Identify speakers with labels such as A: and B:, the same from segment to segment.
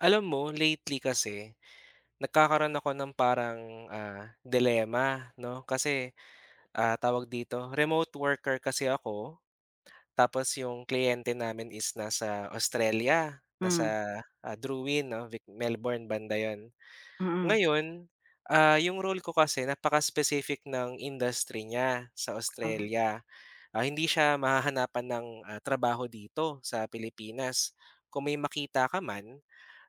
A: Alam mo lately kasi, nagkakaroon ako ng parang ah, dilema 'no, kasi, ah, tawag dito, remote worker kasi ako, tapos yung kliyente namin is nasa Australia nasa
B: Hmm.
A: Drouin 'no, Melbourne banda 'yon.
B: Mm.
A: Ngayon, ah, yung role ko kasi napaka-spesific ng industry niya, sa
B: Ah.
A: Australia, ah, hindi siya mahahanapan ng ah, trabaho dito sa Pilipinas. Kung may makita ka man,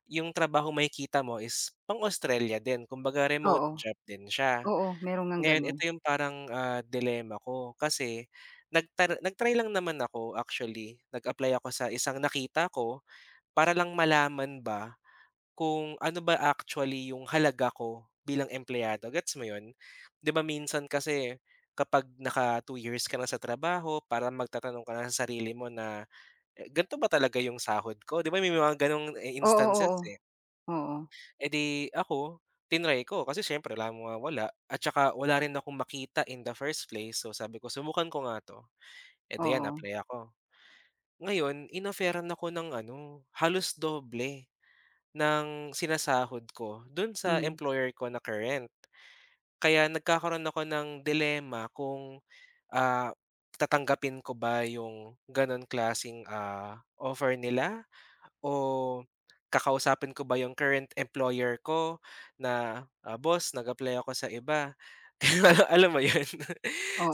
A: yung trabaho makikita mo is pang-Australia din, kumbaga remote
B: Oo.
A: job din siya.
B: Oo, meron ngang
A: Ngayon
B: gano'n.
A: ito yung parang ah, dilema ko kasi, nag nag-try lang naman ako actually, nag-apply ako sa isang nakita ko para lang malaman ba, kung ano ba actually yung halaga ko bilang empleyado, gets mo 'yon? Di ba minsan kasi, kapag naka 2 years ka na sa trabaho, parang magtatanong ka na sa sarili mo na eh, ganito ba talaga yung sahod ko? Di ba may mga gano'ng e
B: Oo,
A: instances,
B: oo.
A: eh.
B: Oo.
A: Eh, di ako, tinry ko kasi siyempre wala naman mawawala at saka wala rin akong makita in the first place, so sabi ko, "Subukan ko nga 'to," Eh, di 'yan
B: Oo.
A: apply ako. Ngayon in-offeran ako ng ano, halos doble, ng sinasahod ko do'n sa
B: Mm.
A: employer ko na current. Kaya nagkakaroon ako ng dilema kung ah, tatanggapin ko ba yung ganong klaseng ah, offer nila? O kakausapin ko ba 'yong current employer ko na, "Boss nag-apply ako sa iba." Alam mo yon?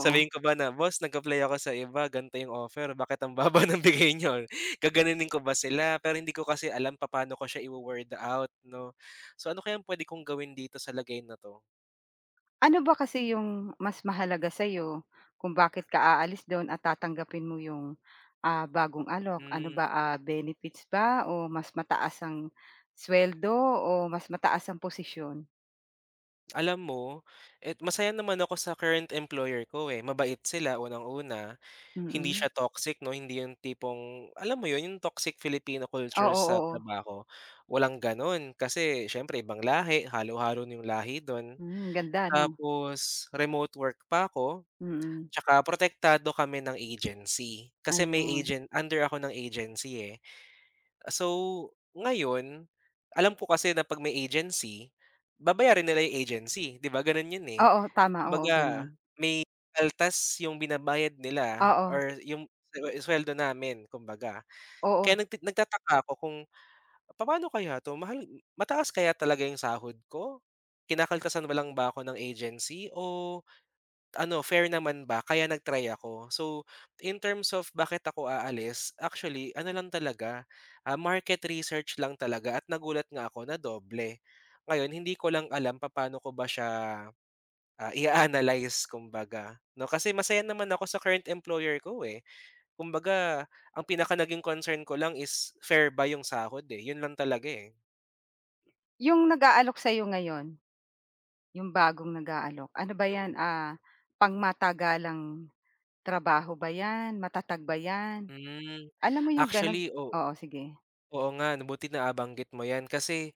A: Sabihin ko ba na, "Boss nag-apply ako sa iba ganito yung offer bakit ang baba nang bigay niyo?" Gaganonin ko ba sila pero hindi ko kasi alam papaano ko siya i-wo-word out 'no? So, ano kayang puwede kong gawin dito sa lagay na 'to?
B: Ano ba kasi 'yong mas mahalaga sa'yo, kung bakit ka aalis do'n at tatanggapin mo 'yong, ah, bagong alok? Ano
A: Hmm.
B: ba, ah, benefits ba o mas mataas ang suweldo o mas mataas ang posisyon?
A: Alam mo at masaya naman ako sa current employer ko, eh. Mabait sila unang-una, hindi
B: Mm.
A: siya toxic 'no, hindi yung tipong alam mo yun yung toxic Filipino culture
B: Oo,
A: sa
B: oo.
A: trabaho, walang gano'n, kasi siyempre ibang lahi, halo-halo yung lahi dun.
B: Hmm, ganda 'no.
A: Tapos remote work pa ko
B: Mm.
A: tsaka protektado kami ng agency. Kasi may
B: Ayun.
A: agent under ako ng agency, eh. So ngayon, alam ko kasi na 'pag may agency, babayarin nila yung agency, 'di ba, ganun yun, eh.
B: Oo, tama. Oo,
A: Kumbaga
B: ganun.
A: may kaltas yung binabayad nila
B: Oo.
A: or yung su suweldo namin, kumbaga.
B: Oo.
A: Kaya nag nagtataka ako kung papaano kaya 'to, mahal mataas kaya talaga yung sahod ko? Kinakaltasan ba lang ba ako ng agency o ano, fair naman ba kaya nag-try ako. So, in terms of bakit ako aalis, actually ano lang talaga, ah, market research lang talaga at nagulat nga ako na doble. Ngayon, hindi ko lang alam papaano ko ba siya, ah, ia-analyze, kumbaga 'no. Kasi masaya naman ako sa current employer ko, eh. Kumbaga, ang pinaka naging concern ko lang is fair ba 'yong sahod, eh. 'Yon lang talaga, eh.
B: Yung nag-aalok sa'yo ngayon. 'Yong bagong nag-aalok, ano ba 'yan,
A: Mm.
B: ah, pangmatagalang trabaho ba 'yan, matatag ba 'yan,
A: Hmm,
B: alam mo 'yong gano'n
A: actually, oo.
B: oo, sige.
A: Oo nga buti nabanggit mo 'yan kasi,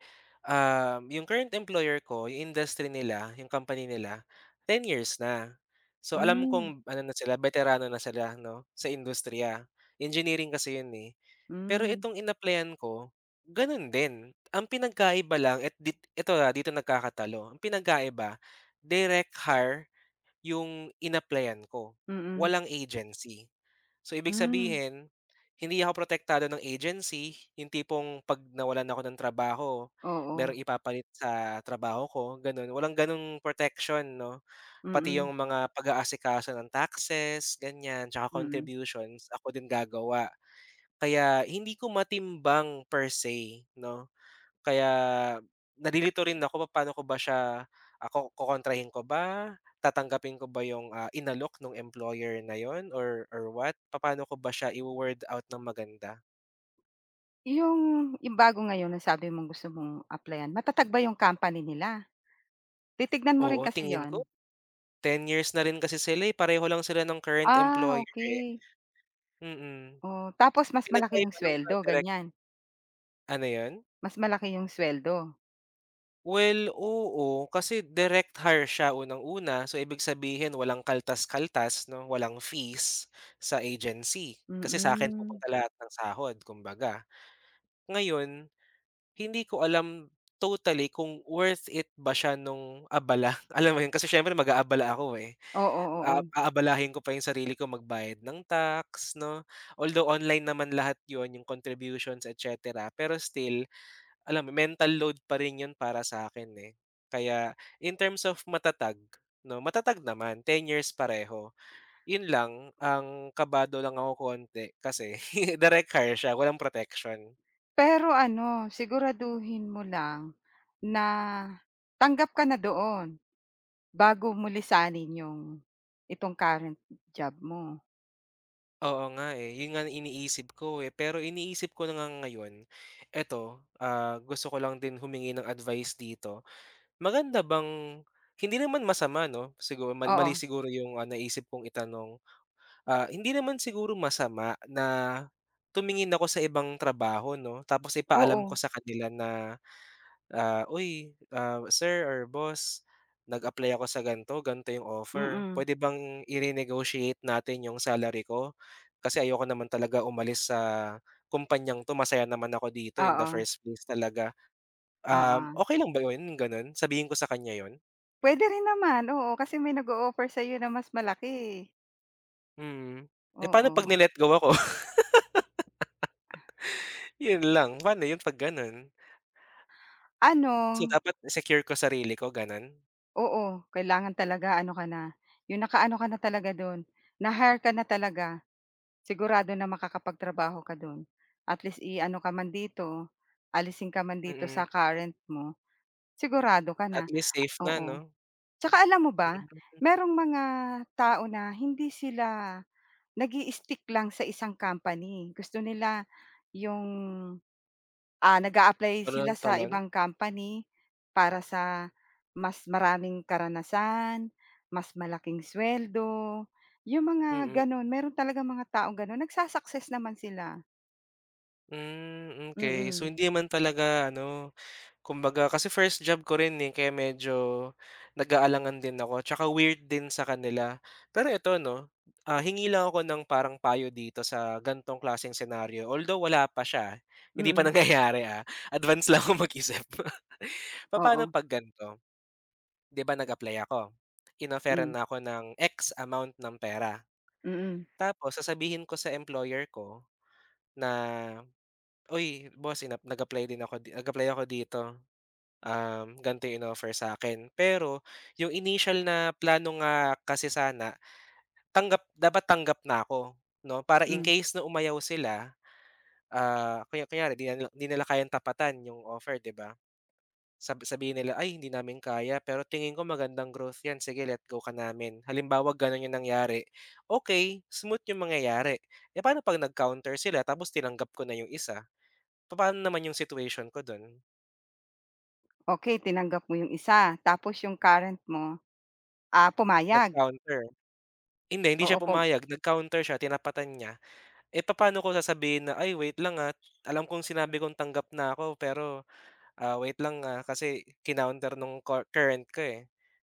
A: ah, 'yong current employer ko 'yong industry nila, 'yong company nila 10 years na. So alam
B: Hmm.
A: kong ano na sila beterano na sila 'no, sa industriya. Engineering kasi 'yon eh. Pero
B: Hmm.
A: itong inapplyan ko gano'n din, ang pinagkaiba lang eto et dit eto, ah, dito nagkakatalo, ang pinagkaiba direct hire, 'yong inapplyan ko,
B: Mm.
A: walang agency. So ibig
B: Hmm.
A: sabihin, hindi ako protektado ng agency, yung tipong pag nawalan ako ng trabaho
B: Oo.
A: merong ipapalit sa trabaho ko ganun, walang ganung protection 'no. Pati yung
B: Mm.
A: mga pag-aasikaso ng taxes ganyan, tsaka
B: Mm.
A: contributions ako din gagawa. Kaya hindi ko matimbang per say 'no, kaya nalilito rin ako papaano ko ba siya ako kokontrahin ko ba, tatanggapin ko ba yung, ah, inalok nung employer na yun or or what, papaano ko ba siya i-wo-word out ng maganda?
B: 'Yung yung bago ngayon ang sabi mong gusto mong apply-an matatag ba 'yong company nila? Titignan mo
A: Oo
B: rin kasi
A: tingin
B: yun.
A: ko, 10 years na rin kasi sila eh, pareho lang sila ng current
B: Ah,
A: employer eh.
B: okey.
A: Mm.
B: O, tapos mas malaki
A: Pinagkaiba
B: 'yong
A: ng mga
B: sweldo,
A: direk
B: ganyan?
A: Ano yun?
B: Mas malaki yung sweldo?
A: Well, oo, kasi direct hire siya unang-una, so ibig sabihin walang kaltas-kaltas 'no walang fees, sa agency, kasi sa akin
B: Mm.
A: pupunta lahat ng sahod kumbaga. Ngayon, hindi ko alam totally kung worth it ba siya nung abala alam mo yun kasi siyempre mag-aabala ako eh.
B: Oo,
A: Ah,
B: oo.
A: aabalahin ko pa yung sarili ko magbayad ng tax, 'no? Although online naman lahat yun yung contributions etcetera, pero still, alam mental load pa rin yun para sa'kin eh, kaya in terms of matatag, 'no matatag naman 10 years pareho, yun lang, ang kabado lang ako konti kasi direct hire siya walang proteksyon.
B: Pero ano, siguraduhin mo lang, na, tanggap ka na doon, bago mo lisanin 'yong, itong current job mo.
A: Oo, nga eh, yun nga ang iniisip ko pero iniisip ko na nga ngayon eto ah, gusto ko lang din humingi ng advice dito. Maganda bang hindi naman masama no sigur mali mali
B: Oo.
A: siguro yung naisip kong itanong. Ah, hindi naman siguro masama na, tumingin ako sa ibang trabaho 'no tapos ipaalam
B: Oo.
A: ko sa kanila na, ah, uy sir or boss, nag-apply ako sa ganito ganito 'yong offer
B: Mm.
A: puwede bang i-renegotiate natin 'yong salary ko kasi ayoko naman talaga umalis sa kumpanyang 'to masaya naman ako dito in the
B: Oo.
A: first place talaga. Um,
B: Oo.
A: okey lang ba 'yon yung gano'n sabihin ko sa kanya 'yon?
B: Puwede rin naman oo, kasi may nag-o-offer sa'yo na mas malaki eh.
A: Mm, eh pa'no 'pag
B: Oo.
A: ni-let go ako. Yun lang pa'no yun 'pag ganun. So
B: Ano.
A: dapat secure ko sarili ko, ganun.
B: Oo, kailangan talaga ano ka na 'yong nakaano ka na talaga do'n na-hire ka na talaga sigurado na makakapagtrabaho ka do'n at least iano ka man dito alisin ka man dito
A: Mm.
B: sa current mo sigurado ka
A: At
B: na
A: least safe na
B: oo,
A: ano.
B: saka alam mo ba
A: Hmm.
B: mayroong mga tao na hindi sila nag-i-stick lang sa isang company gusto nila 'yong ah nag-a-apply
A: Ano
B: sila
A: ng
B: sa
A: talon.
B: ibang company para sa mas maraming karanasan mas malaking suweldo 'yong mga
A: Mm.
B: gano'n meron talagang mga taong gano'n nagsu-success naman sila.
A: Hmm, okey so,
B: Mm.
A: hindi man talaga ano kumbaga kasi first job ko rin kaya medyo nag-aalangan din ako at weird din sa kanila pero eto 'no hingi lang ako ng parang payo dito sa gantong klaseng senaryo although wala pa siya hindi pa
B: Mm.
A: nangyayari ah, advance lang ako mag-isip. Papa'no
B: Oo.
A: pag gan'to. 'Di ba nag-apply ako, inofferan
B: Mhm.
A: na ako ng x amount ng pera.
B: Mm.
A: Tapos sasabihin ko sa employer ko na uy, boss inap nag-apply din ako nag-apply ako dito. Um, gan'to eh 'no in-offer sa'kin pero 'yong initial na plano nga kasi sana tanggap dapat tanggap na ako 'no para in
B: Mm.
A: case na umayaw sila, ah, kaya kunyari 'di 'di nila kayang tapatan 'yong offer 'di ba. Sab sabihin nila ay hindi namin kaya pero tingin ko magandang growth 'yan sige let go ka namin halimbaw ganun yung nangyari okey smooth yung mangyayari eh, paano 'pag nag-counter sila tapos tinanggap ko na yung isa, papaano naman yung situation ko dun.
B: Okey tinanggap mo yung isa tapos yung current mo, ah, pumayag?
A: Nag-counter. Hindi, hindi
B: Oo
A: siya
B: kung
A: pumayag nag-counter siya tinapatan niya, eh, papaano ko sasabihin na, "Ay wait lang ah, alam kong sinabi kong tanggap na ako pero, ah, wait lang ah, kasi, kinounter ng cur current ko eh."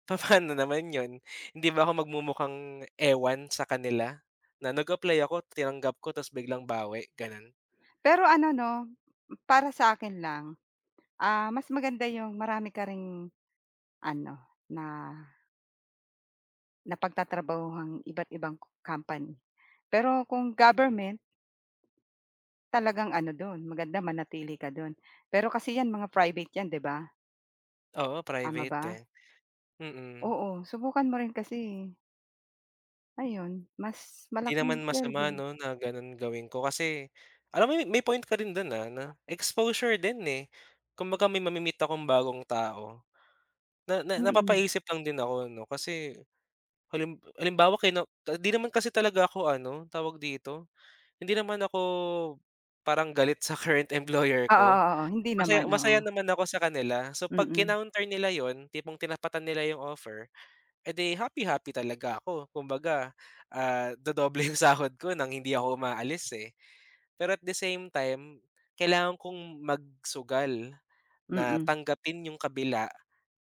A: Papaano naman 'yon hindi ba ako mag-mumukhang ewan sa kanila? Na nag-apply ako tinanggap ko tapos biglang bawi, gano'n?
B: Pero ano 'no, para sa'kin lang, ah, mas maganda yung marami ka ring, ano, na napagtatrabahuhang iba't ibang co company, pero kung
A: Mm.
B: government talagang ano do'n maganda manatili ka do'n, pero kasi 'yan mga private 'yan, 'di ba?
A: Oo,
B: Tama
A: private
B: ba?
A: eh. Mm.
B: Oo, subukan mo rin kasi eh. Ayun mas
A: 'Di
B: malaking
A: naman masama
B: sweldo.
A: 'no na ganun gawin ko kasi, alam mo may point ka rin do'n, ah, 'no exposure din eh, kumbaga may ma-me-meet akong bagong tao. Na na
B: Mm.
A: napapaisip lang din ako ano kasi, halim halimbawa kino ah, 'di naman kasi talaga ako ano, tawag dito? Hindi naman ako parang galit sa current employer
B: Oo,
A: ko,
B: oo, oo hindi
A: masaya
B: naman,
A: masaya
B: oo.
A: naman ako sa kanila. So 'pag
B: Mm.
A: kinounter nila 'yon, tipong tinapatan nila 'yong offer, edi happy-happy talaga ako kumbaga, ah, dodoble 'yong sahod ko ng hindi ako umaalis eh. Pero at the same time, kailangan kong magsugal, na
B: Mm.
A: tanggapin 'yong kabila,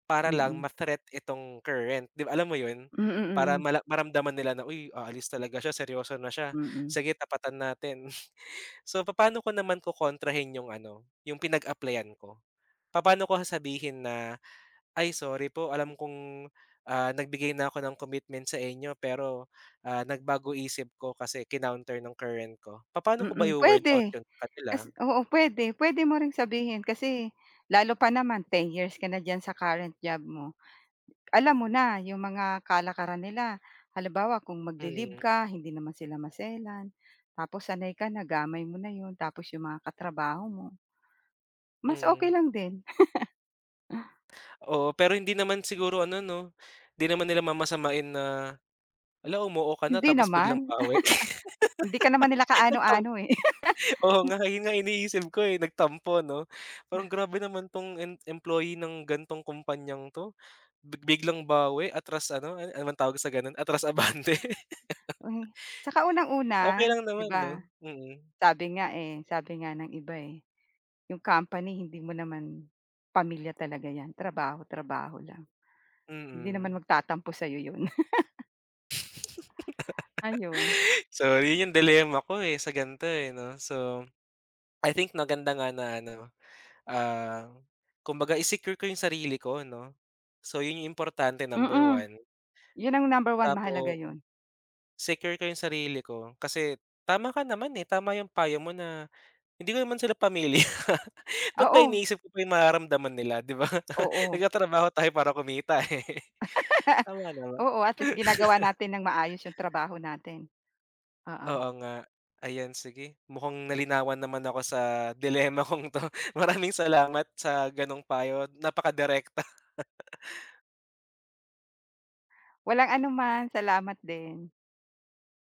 A: para lang
B: Mm.
A: ma-threat itong current 'di ba alam mo 'yon?
B: Mm,
A: Para
B: mm.
A: mala maramdaman nila na, "U,y aalis talaga siya seryoso na siya,
B: Mm.
A: sige tapatan natin." So papaano ko naman kokontrahin 'yong ano, 'yong pinag-apply-an ko? Papaano ko sasabihin na, "Ay sorry po, alam kong ah, nag-bigay na ako ng commitment sa inyo pero, ah, nag-bago isip ko kasi kinounter ng current ko" Papaano ko ba
B: Mm,
A: iwo-word out
B: pwede.
A: yun sa kanila?
B: Kasi oo puwede puwede mo ring sabihin kasi, lalo pa naman 10 years ka na diyan sa current job mo. Alam mo na 'yong mga kalakaran nila, halimbawa kung mag-li-leave
A: Mm.
B: ka hindi naman sila maselan, tapos sanay ka na gamay mo na 'yon tapos 'yong mga katrabaho mo. Mas okey
A: Mm.
B: lang din.
A: Oo, pero hindi naman siguro ano 'no? Hindi naman nila mamasamain na, "Hala umoo ka na
B: Hindi
A: tapos biglang
B: naman.
A: bawi?"
B: Hindi ka naman nila
A: Nag-tam
B: kaano-ano eh.
A: oo
B: M
A: nga yun nga iniisip ko eh, nag-tampo 'no? Parang grabe naman 'tong em employee ng ganong kumpanyang 'to, big biglang bawi, atras ano, an ano bang tawag sa gano'n atras abante.
B: Tsaka
A: Okey
B: unang-una,
A: lang
B: 'di
A: naman 'no?
B: ba,
A: Mm.
B: sabi nga eh, sabi nga ng iba eh. 'Yong company hindi mo naman, pamilya talaga 'yan, trabaho, trabaho lang. Hindi
A: Mm.
B: naman mag-tatampo sa'yo 'yon. Ayun.
A: So yun yung dilemma ko eh, sa gan'to eh, 'no so, I think maganda nga na ano, ah, kumbaga i-secure ko yung sarili ko 'no? So yun yung importante number
B: Mm.
A: 1.
B: 'Yon ang number 1
A: Tapo
B: mahalaga yun.
A: Secure ko yung sarili ko, kasi, tama ka naman eh, tama yung payo mo na, hindi ko naman sila pamilya ba't ba
B: Oo.
A: iniisip ko pa yung mararamdaman nila, di ba,
B: Oo.
A: nag-tatrabaho tayo para kumita eh. Tama, 'no?
B: Oo at least ginagawa natin nang maayos yung trabaho natin. Oo.
A: Oo nga, ayan sige mukhang nalinawan naman ako sa dilemma kong to, maraming salamat sa ganong payo napaka-direkta.
B: Walang anuman, salamat din.